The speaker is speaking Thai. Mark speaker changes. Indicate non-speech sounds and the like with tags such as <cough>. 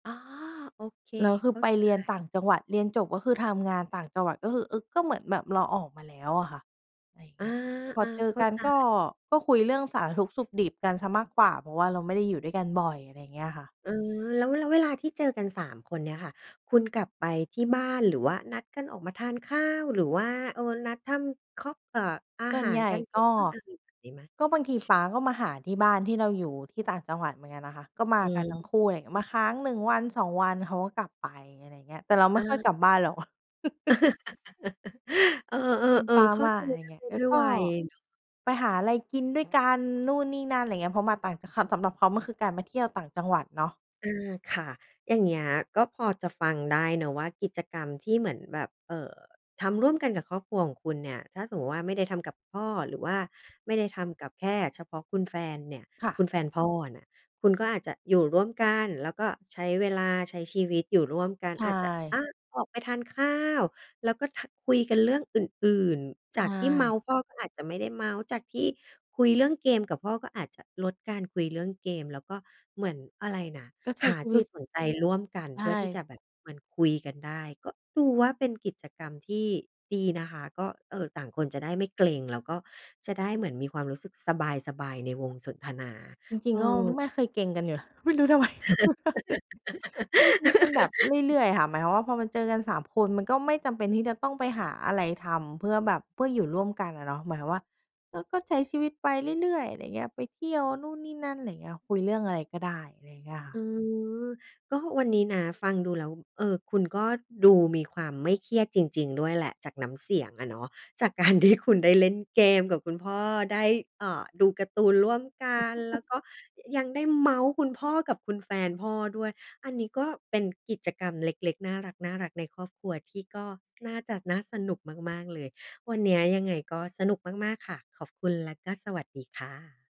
Speaker 1: อ๋อ โอเค
Speaker 2: แล้วค
Speaker 1: เ
Speaker 2: ื
Speaker 1: ข
Speaker 2: อ
Speaker 1: ้า
Speaker 2: ไป
Speaker 1: ใจ
Speaker 2: เรียนต่างจังหวัด เรียนจบก็คือทำงานต่างจังหวัด ก็คือ อือ ก็เหมือนแบบเราออกมาแล้วอะค่ะ อะไรอย่าง
Speaker 1: อ
Speaker 2: เง
Speaker 1: า
Speaker 2: ี้ย พอ
Speaker 1: อา
Speaker 2: เจ
Speaker 1: เ
Speaker 2: อ
Speaker 1: ข้า
Speaker 2: กัน
Speaker 1: ใจ
Speaker 2: ก็ ก็คุยเรื่องสารทุกข์สุขดิบกันเสียมากกว่า เพราะว่าเราไม่ได้อยู่ด้วยกันบ่อย อะไรอย่างเงี้ยค่ะ
Speaker 1: เออ แล้ว แล้วเวลาที่เจอกัน 3 คนเนี่ยค่ะ คุณกลับไปที่บ้าน หรือว่านัดกันออกมาทานข้าว หรือว่า เออ นัดทำค็อก เอ่อ อา
Speaker 2: ส่ว
Speaker 1: ห
Speaker 2: น
Speaker 1: า
Speaker 2: ใ
Speaker 1: ร
Speaker 2: หญ่
Speaker 1: กัน
Speaker 2: ก็
Speaker 1: <unintelligible> งี้ไหม?
Speaker 2: ก็บางที ป๊าก็มาหาที่บ้านที่เราอยู่ที่ต่างจังหวัดเหมือนกันนะคะ ก็ม
Speaker 1: อ
Speaker 2: า
Speaker 1: ื
Speaker 2: กันทั้งคู่เลย ม
Speaker 1: อ
Speaker 2: าค้าง 1 วัน 2 วัน เขาก็กลับไป อะไรอย่างเงี้ย แต่เราไม
Speaker 1: อ
Speaker 2: ่ค่อย
Speaker 1: า
Speaker 2: กลับบ้านหรอก <laughs>
Speaker 1: <laughs> เอ
Speaker 2: อืม
Speaker 1: อ
Speaker 2: ป๊
Speaker 1: ๆ
Speaker 2: า
Speaker 1: ๆ เข้า
Speaker 2: มา
Speaker 1: ใจ
Speaker 2: อะไรอย
Speaker 1: ได
Speaker 2: ่า
Speaker 1: ้
Speaker 2: งเงี้ย แล
Speaker 1: ด
Speaker 2: ้
Speaker 1: ้
Speaker 2: ว
Speaker 1: วย
Speaker 2: ก็
Speaker 1: วัยเนาะ
Speaker 2: ไปหาอะไรกินด้วยกันนู่นนี่นั่น อะไรอย่างเงี้ย เพราะมาต่าง จ ค สำหรับเขามันคือการมาเที่ยวต่างจังหวัดเนาะ
Speaker 1: อา ค่ะ อย่างเงี้ยก็พอจะฟังได้เนาะว่า กิจกรรมที่เหมือนแบบ เอ่อ ทำร่วมกันกับครอบครัวของคุณเนี่ย ถ้าสมมุติว่าไม่ได้ทำกับพ่อ หรือว่าไม่ได้ทำกับแค่เฉพาะคุณแฟนเนี่ย
Speaker 2: ค่
Speaker 1: คุ
Speaker 2: ะ
Speaker 1: ณแฟนพ่อน่ะ คุณก็อาจจะอยู่ร่วมกัน แล้วก็ใช้เวลาใช้ชีวิตอยู่ร่วมกัน
Speaker 2: ใช
Speaker 1: อาจจะ อ
Speaker 2: ่
Speaker 1: า ออกไปทานข้าว แล้วก็ ท คุยกันเรื่องอื่น ๆ จ
Speaker 2: ใช
Speaker 1: ากที่เมา
Speaker 2: ่
Speaker 1: ท์พ่อ ก็อาจจะไม่ได้เมาท์ จากที่คุยเรื่องเกมกับพ่อ ก็อาจจะลดการคุยเรื่องเกม แล้วก็เหมือนอะไรน่ะ
Speaker 2: ก็ใช
Speaker 1: ห
Speaker 2: ้
Speaker 1: า
Speaker 2: ชี
Speaker 1: จ
Speaker 2: ว
Speaker 1: ุ
Speaker 2: ิ
Speaker 1: ด
Speaker 2: ต
Speaker 1: สนใจร่วมกัน
Speaker 2: ใช
Speaker 1: เพื่อที่
Speaker 2: ่
Speaker 1: จะแบบเหมือนคุยกันได้ ก็ดูว่าเป็นกิจกรรมที่ดีนะคะ ก็ เออ ต่างคนจะได้ไม่เกร็ง แล้วก็จะได้เหมือนมีความรู้สึกสบาย ๆ ในวงสนทนา
Speaker 2: จริ
Speaker 1: เ
Speaker 2: ง
Speaker 1: อ
Speaker 2: ๆ ก็
Speaker 1: อ
Speaker 2: ไม่เคยเกร็งกันอยู่แล้ว ไม่รู้ ทำไม ใช้ชีวิตมันแบบเร
Speaker 1: <laughs>
Speaker 2: ื่อย ๆ ค่ะ หมายความว่าพอมาเจอกัน 3 คน มันก็ไม่จำเป็นที่จะต้องไปหาอะไรทำเพื่อแบบเพื่ออยู่ร่วมกันอะเนาะ หมายความว่า เออ ก็ใช้ชีวิตไปเรื่อย ๆ อะไรอย่างเงี้ย ไปเที่ยวนู่นนี่นั่น อะไรอย่างเงี้ย คุยเรื่องอะไรก็ได้ อะไรอย่างเงี้ยค่
Speaker 1: อ
Speaker 2: ะ
Speaker 1: ืม ก็วันนี้นะ ฟังดูแล้ว เออ คุณก็ดูมีความไม่เครียดจริง ๆ ด้วยแหละ จากน้ำเสียงอะเนาะ จาก การ ที่คุณได้เล่นเกมกับคุณพ่อ ได้ อ่า ดูการ์ตูนร่วมกัน แล้
Speaker 2: <laughs>
Speaker 1: วก็ยังได้เมาท์คุณพ่อกับคุณแฟนพ่อด้วย อันนี้ก็เป็นกิจกรรมเล็ก ๆ น่ารัก ๆ ในครอบครัว ที่ก็น่าจะน่าสนุกมาก ๆ เลย วันเนี้ยยังไงก็สนุกมาก ๆ ค่ะ ขอบคุณและก็สวัสดีค่ะ